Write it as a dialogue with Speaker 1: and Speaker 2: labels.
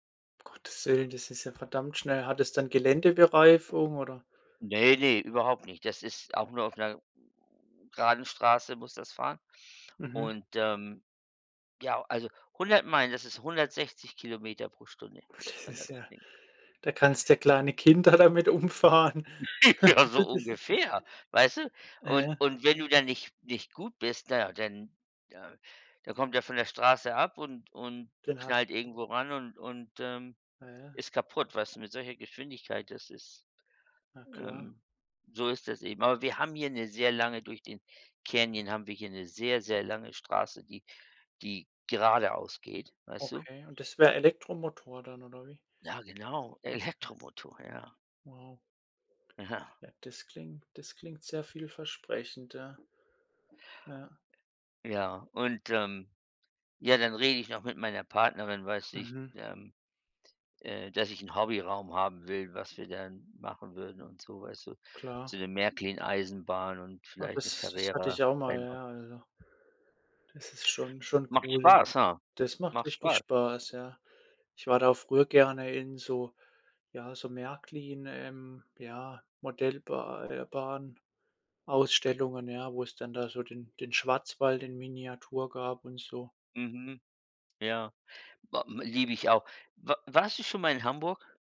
Speaker 1: Um Gottes Willen, das ist ja verdammt schnell. Hat das dann Geländebereifung oder?
Speaker 2: Ne, ne, überhaupt nicht. Das ist auch nur auf 'ner geraden Straße muss das fahren.
Speaker 1: Mhm.
Speaker 2: Und, ähm, ja, also, 100 Meilen, das ist 160 km/h,
Speaker 1: Das
Speaker 2: wenn
Speaker 1: ist
Speaker 2: das.
Speaker 1: ja
Speaker 2: [unintelligible]
Speaker 1: da kannst ja kleine Kinder damit umfahren.
Speaker 2: Ja, so
Speaker 1: Das ist
Speaker 2: ungefähr, weißt du?
Speaker 1: Ja,
Speaker 2: Und
Speaker 1: ja.
Speaker 2: und wenn du dann nicht nicht gut bist, na ja, dann, ja dann kommt er von der Straße ab und und
Speaker 1: Den
Speaker 2: knallt
Speaker 1: hast
Speaker 2: irgendwo ran und und, ähm,
Speaker 1: Ja, ja.
Speaker 2: ist kaputt. Weißt du, mit solcher Geschwindigkeit, das ist,
Speaker 1: Na klar.
Speaker 2: ähm so ist das eben. Aber wir haben hier 'ne sehr lange durch den Canyon haben wir hier 'ne sehr sehr lange Straße, die die geradeaus geht, weißt du?
Speaker 1: Okay, und das wäre Elektromotor dann oder wie?
Speaker 2: Ja genau,
Speaker 1: Okay.
Speaker 2: Elektromotor, ja.
Speaker 1: Wow.
Speaker 2: Ja.
Speaker 1: Ja, das klingt das klingt sehr vielversprechend, ja. Ja.
Speaker 2: Ja, und, ähm, ja, dann rede ich noch mit meiner Partnerin, weiß du, ich,
Speaker 1: Mhm.
Speaker 2: ähm äh, dass ich 'n Hobbyraum haben will, was wir dann machen würden und so, weißt du?
Speaker 1: Klar.
Speaker 2: So 'ne Märklin-Eisenbahn und
Speaker 1: Ja,
Speaker 2: vielleicht 'ne
Speaker 1: das das hatte ich auch mal,
Speaker 2: Carrera-Rennbah
Speaker 1: ja, also das ist schon schon
Speaker 2: Macht
Speaker 1: cool.
Speaker 2: Spaß, ja.
Speaker 1: Das macht
Speaker 2: Macht
Speaker 1: richtig
Speaker 2: Spaß.
Speaker 1: Spaß, ja. Ich war da früher gerne in so ja, so Märklin, ähm, ja, Modellba äh, Bahn-Ausstellungen, ja, wo's dann da so den den Schwarzwald in Miniatur gab und so.
Speaker 2: Mhm. Ja, ba m liebe ich auch. Wa warst du schon mal in Hamburg?